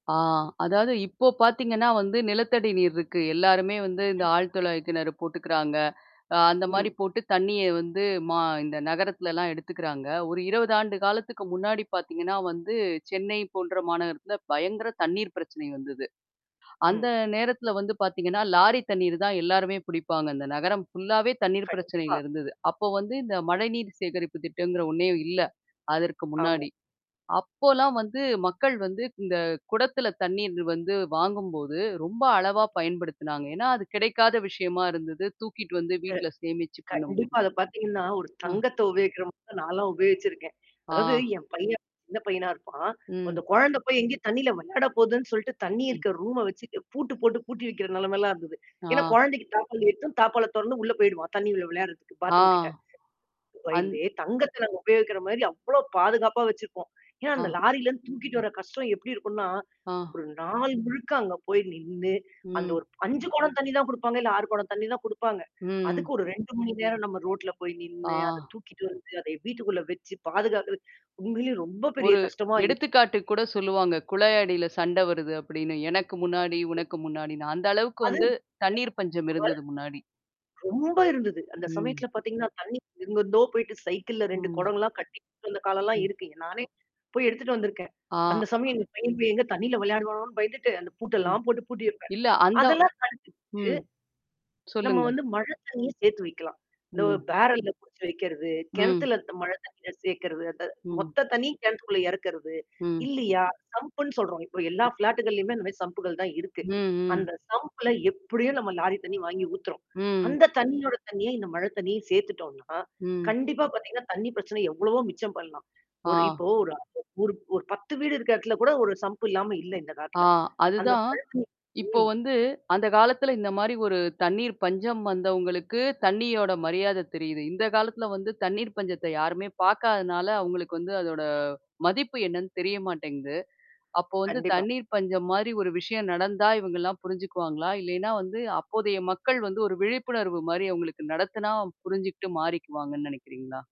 ஆ, அதாவது இப்போ பார்த்தீங்கன்னா வந்து நிலத்தடி நீர் இருக்கு. எல்லாருமே வந்து இந்த ஆழ துழாய்க்கிணறு போட்டுக்கிறாங்க. அ அந்தமாரி ம். போட்டு தண்ணீய வந்து மா இந்த நகரத்துலலாம் எடுத்துக்கறாங்க. ஒரு 20 ஆண்டு காலத்துக்கு முன்னாடி பார்த்தீங்கன்னா, வந்து சென்னை போன்ற மாநகரத்தில பயங்கர தண்ணீர் பிரச்சனை வந்தது. அந்த ம். நேரத்துல வந்து பார்த்தீங்கன்னா, லாரி தண்ணீர் தான் எல்லாருமே புடிப்பாங்க. அந்த நகரம் ஃபுல்லாவே தண்ணீர் கண்டிப்பா. பிரச்சனையில இருந்தது. அப்போ வந்து இந்த மழைநீர் சேகரிப்பு திட்டங்கிற ஒண்ணே இல்ல. அதற்கு ஆமா. முன்னாடி. அப்போலாம் வந்து மக்கள் வந்து இந்த குடத்துல தண்ணீர் வந்து வாங்கும்போது ரொம்ப அளவா பயன்படுத்துனாங்க. ஏன்னா, அது கிடைக்காத விஷயமா இருந்தது. தூக்கிட்டு வந்து அ. வீட்ல சேமிச்சு பண்ணும்போது கண்டிப்பா. அத பார்த்தீங்கன்னா, ஒரு ஆ. தங்கத்த உபயோகிக்கிறமாரி நான்லாம் உபயோகிச்சிருக்கேன். அதாவது ஆ. என் பையன், சின்ன பையனா இருப்பான். அந்த ம். குழந்த போய் எங்கேயும் தண்ணீல விளையாட போதுன்னு சொல்லிட்டு தண்ணீ ம். இருக்கிற ரூம வச்சு பூட்டு போட்டு பூட்டி வைக்கிற நிலமையிலாம் இருந்தது. ஏன்னா ஆ. குழந்தைக்கு தாப்பாள் எட்டும், தாப்பாள்ல தொறன்னு உள்ள போயிடுவான். தண்ணீ உள்ள விளையாடுறதுக்கு ஆ. பாத்ரூம் கிட்ட. [unintelligible] அந் பயந்தே தங்கத்த நாங்க உபயோகிக்கிற மாரி அவ்ளோ பாதுகாப்பா வச்சிருப்போம். ஏன்னா, அந்த ஆ. லாரிலருந்து தூக்கிட்டு வர கஷ்டம் எப்பிடி இருக்குன்னா, ஆ. ஒரு நாள் முழுக்க அங்க போய் நின்னு அந்த ம். ஒரு 5 குடம் தண்ணீ தான் குடுப்பாங்க, இல்ல 6 குடம் தண்ணீ தான் குடுப்பாங்க. அதுக்கு ம். ஒரு 2 மணி நேரம் நம்ம ரோட்ல போய் நின்னு, அத ஆ. தூக்கிட்டு வந்து, அத வீட்டுக்குள்ள வச்சு பாதுகாக்குற உண்மையில ரொம்ப பெரிய ஒரு கஷ்டமா இரு எடுத்துக்காட்டு கூட சொல்லுவாங்க. குழாய் அடியில சண்ட வருது அப்பிடின்னு. எனக்கு முன்னாடி, உனக்கு முன்னாடின்னு அந்த அளவுக்கு அது வந்து தண்ணீர் பஞ்சம் உ இருந்தது முன்னாடி. [unintelligible] ரொம்ப இருந்தது. அந்த ம். சமயத்துல பார்த்தீங்கன்னா, தண்ணீக்கு எங்கருந்தோ போயிட்டு சைக்கிள்ல 2 ம். குடங்கள்லாம் கட்டி வந்த காலம்லாம் ம். இருக்கு. நானே போய் எடுத்துட்டு வந்தருக்கேன். ஆ. அந்த சமயம் எந்த பையன் எங்க போய் தண்ணீல விளையாடுவானோன்னு பயந்துட்டு அந்த ம். பூட்டெல்லாம் போட்டு பூட்டி வப்பேன். இல்ல. அந்த அதெல்லாம் ம். [unintelligible] நம்ம சொல்லுங்க. வந்து மழை தண்ணீய சேர்த்து வைக்கலாம். இந்த ம். பேரல்ல புடிச்சு வைக்கிறது, ம். கிணத்துலருந்த மழை தண்ணிய சேர்க்கிறது. அத ம். மொத்த தண்ணீ கிணத்துக்குள்ள இறக்கிறது. ம். இல்லயா! சம்ப்ன்னு சொல்றோம். இப்ப எல்லா ஃப்ளாட்டுக்களையும் அந்த மாதிரி சம்ப்புகள் தான் இருக்கு. ம், ம். அந்த சம்ப்ள எப்பிடியோ நம்ம லாரி தண்ணி வாங்கி ஊத்துறோம். ம். அந்த தண்ணீயோட தண்ணீயா இந்த மழை தண்ணீயையும் சேர்த்துட்டோன்னா, ம். கண்டிப்பா பார்த்தீங்கன்னா, தண்ணீ பிரச்சனை எவ்வளவோ மிச்சம் பண்ணலாம். ஒரு ஆ. இப்போ ஒரு அந்த ஒரு, ஒரு 10 வீடு இருக்க இடத்துல கூட ஒரு சம்ப் இல்லாம இல்ல இந்த ஆ காலத்துல. அந்த அதுதான். [unintelligible] இப்போ ம். வந்து அந்த காலத்தில இந்தமாரி ஒரு தண்ணீர் பஞ்சம் வந்தவுங்களுக்கு தண்ணீயோட மரியாத தெரியுது. இந்த காலத்துல வந்து தண்ணீர் பஞ்சத்த யாருமே பார்க்காதனால, அவுங்களுக்கு வந்து அதோட மதிப்பு என்னன்னு தெரிய மாட்டேங்குது. அப்போ வந்து கண்டிப்பா. தண்ணீர் பஞ்சம் மாரி ஒரு விஷயம் நடந்தா இவுங்கலாம் புரிஞ்சுக்குவாங்களா? இல்லேன்னா வந்து அப்போதைய மக்கள் வந்து ஒரு விழிப்புணர்வுமாரி அவுங்களுக்கு நடத்துனா புரிஞ்சுகிட்டு மாறிக்குவாங்கன்னு நெனைக்கிறீங்களா?